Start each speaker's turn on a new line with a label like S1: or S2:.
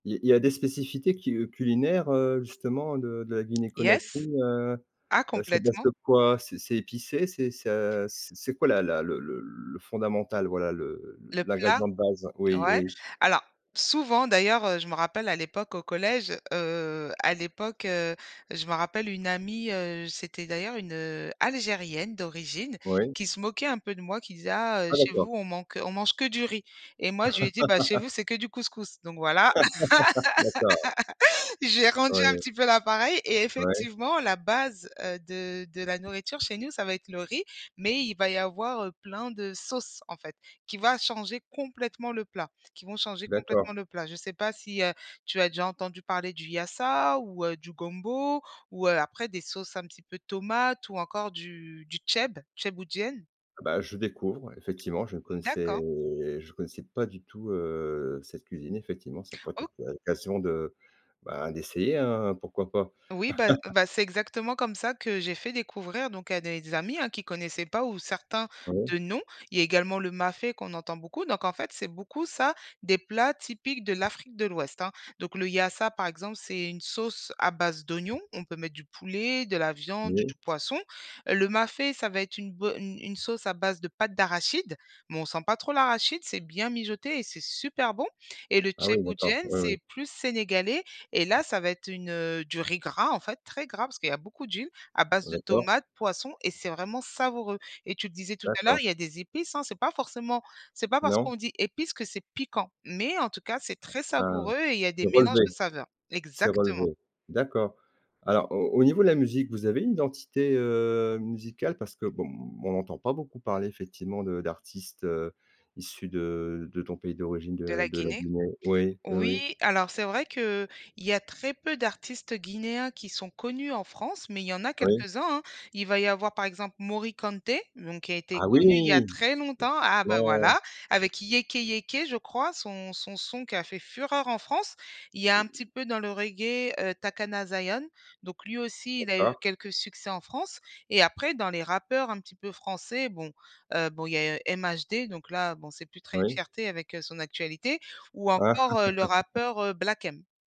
S1: Il il y a des spécificités qui, heu, culinaires, heu, justement de de la Guinée Conakry,
S2: Yes.
S1: heu
S2: Ah
S1: heu, c'est à base
S2: complètement.
S1: de quoi? C'est c'est épicé? C'est c'est à c c'est quoi la la le le le fondamental, voilà, le
S2: Le plat,
S1: l'ingrédient de base? Oui,
S2: ouais.
S1: oui.
S2: Alors souvent, d'ailleurs, heu, je me rappelle, à l'époque, au collège, heu, à l'époque, heu, je me rappelle une amie, heu, j c'était d'ailleurs une, heu, Algérienne d'origine,
S1: Oui.
S2: qui se moquait un peu de moi, qui disait: «Ah, heu,
S1: Ah
S2: chez
S1: d'accord.
S2: vous, on manque, heu, on mange que du riz» et moi, je lui ai dit: «Bah, chez vous, c'est que du couscous, donc voilà»,
S1: D'accord.
S2: j'ai rendu un
S1: Ouais.
S2: petit peu la pareille. Et
S1: Ouais.
S2: effectivement, la base, heu, de de la nourriture chez nous, ça va être le riz, mais il va y avoir, heu, plein de sauces, en fait, qui va changer complètement le plat, qui vont changer
S1: D'accord.
S2: complètement le plat. Je sais pas si, heu, tu as déjà entendu parler du yassa ou, heu, du gombo ou, heu, après des sauces un petit peu tomates ou encore du du thieb thiéboudiène?
S1: Bah, je découvre, ouais, effectivement, je ne
S2: Mmh
S1: connaissais
S2: d'accord.
S1: je ne connaissais pas du tout, heu, cette cuisine effectivement, ça pourrait être
S2: O
S1: occa occasion de, bah, d'essayer, hein, pourquoi pas?
S2: Oui, bah bah, c'est exactement comme ça que j'ai fait découvrir, donc, à des amis, hein, qui connaissaient pas ou certains
S1: Ah ouais?
S2: de nom. Il y a également le mafé, qu'on entend beaucoup. Donc, en fait, c'est beaucoup ça, des plats typiques de l'Afrique de l'Ouest, hein. Donc, le yassa, par exemple, c'est une sauce à base d'oignons. On peut mettre du poulet, de la viande ou
S1: Oui.
S2: du poisson. Heu, le mafé, ça va être une bo une une sauce à base de pâte d'arachide, mais on sent pas trop l'arachide, c'est bien mijoté et c'est super bon. Et le
S1: Ah oui d'accord,
S2: thiéboudiène,
S1: oui, oui.
S2: c'est plus sénégalais et là, ça va être une, heu, du riz gras, en fait, très gras, parce qu'il y a beaucoup d'huile, à base de
S1: D'accord.
S2: tomates, poisson, et c'est vraiment savoureux. Et tu disais tout à l'heure,
S1: D'accord.
S2: il y a des épices, hein. C'est pas forcément c'est pas parce
S1: Non.
S2: qu'on dit épices que c'est piquant, mais en tout cas, c'est très
S1: Ah, ouais,
S2: savoureux et il y a
S1: c'est
S2: des mélanges de
S1: relevé
S2: saveurs.
S1: c'est
S2: Exactement.
S1: relevé. D'accord. Alors, au au niveau de la musique, vous avez une identité, heu, musicale? Parce que, bon, on n'entend pas beaucoup parler, effectivement, de d'artistes, heu, issus de de ton pays d'origine,
S2: De
S1: de
S2: la
S1: de la
S2: Guinée?
S1: Guinée. Oui, oui, oui.
S2: Oui, alors, c'est vrai qu'il y a très peu d'artistes guinéens qui sont connus en France, mais il y en a
S1: Oui.
S2: quelques-uns, hein. Il va y avoir, par exemple, Morikante, donc, qui a été
S1: Ah oui!
S2: connu il y a très longtemps, ah bah,
S1: Effectivement!
S2: voilà, avec Yéké Yéké, je crois, son son son qui a fait fureur en France. Il y a un petit peu, dans le reggae, heu, Takana Zion, donc lui aussi il a eu
S1: D'accord.
S2: quelques succès en France. Et après, dans les rappeurs un petit peu français, bon, heu, bon il y a MHD, donc là, bon, c'est plus très une
S1: Oui.
S2: fierté avec, heu, son actualité, ou encore, heu, le rappeur, heu, Black M.